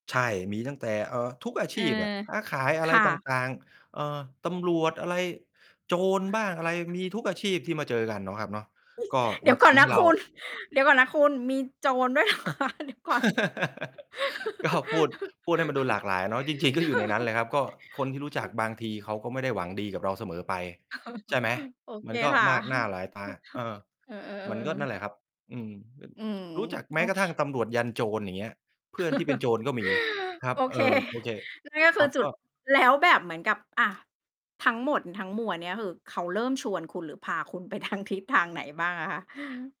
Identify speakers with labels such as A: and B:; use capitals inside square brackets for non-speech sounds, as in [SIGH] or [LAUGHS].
A: ใช่ มีตั้งแต่ เอ่อ ทุกอา
B: เ
A: ช
B: ออ
A: ีพอะ ค้าขายอ
B: ค
A: ะไร
B: ่ะ
A: ต่าง ๆ เอ่อ ตำรวจอะไร โจรบ้างอะไร มีทุกอาชีพที่มาเจอกันเนาะครับเนาะ ก
B: [CHUCKLES]
A: ็
B: เดี๋
A: มั
B: ย
A: น
B: วก
A: ท
B: ่อน
A: ำใ
B: น
A: ห
B: ะ
A: ้เร
B: ค
A: า
B: ุณ เดี๋ยวก่อนนะคุณ มีโจรด้วย เหรอคะ เดี๋ยวก่อน
A: [LAUGHS] ก็ พูด พูดให้มันดูหลากหลายเนาะ จริง ๆ ก็อยู่ในนั้นแห
B: [LAUGHS]
A: ละครับ ก็คนที่รู้จ
B: อ
A: ัก
B: ือ
A: บางทีเขาก็ไม่ได้หวังดีกับเราเสมอไป
B: เออ
A: ใช่ไหม?
B: โอเ
A: ม
B: ค
A: ันก็
B: ค่ะ
A: ม
B: [CHUCKLES]
A: ากหน้าหล
B: [CHUCKLES]
A: ายตา เออ
B: เออ
A: มันก็
B: ๆ
A: นั่
B: ๆ
A: น
B: ๆ
A: แหละครับ อืม แบบ
B: อืม
A: จ รู้จักแม
B: โ
A: ้
B: อ
A: กร
B: เ
A: ะ
B: ค
A: ทั่งตำรวจยันโจร อย่างเงี้ย เพื่อนที่เป็นโ
B: [CHUCKLES]
A: จรก็มีครั
B: โ
A: บ
B: อ
A: เ
B: เ
A: อ
B: ค
A: ่อ โอเค
B: นั่น ก็
A: ค
B: คื
A: รั
B: อ
A: บ
B: จุ
A: ก
B: ด
A: ็
B: แล้วแบบเหมือนกับ อะ ทั้งหมดทั้งมวลเนี่ย คือเขาเริ่มชวนคุณ หรือพาคุณไป ทาง ทิศทางไหนบ้างอะคะ?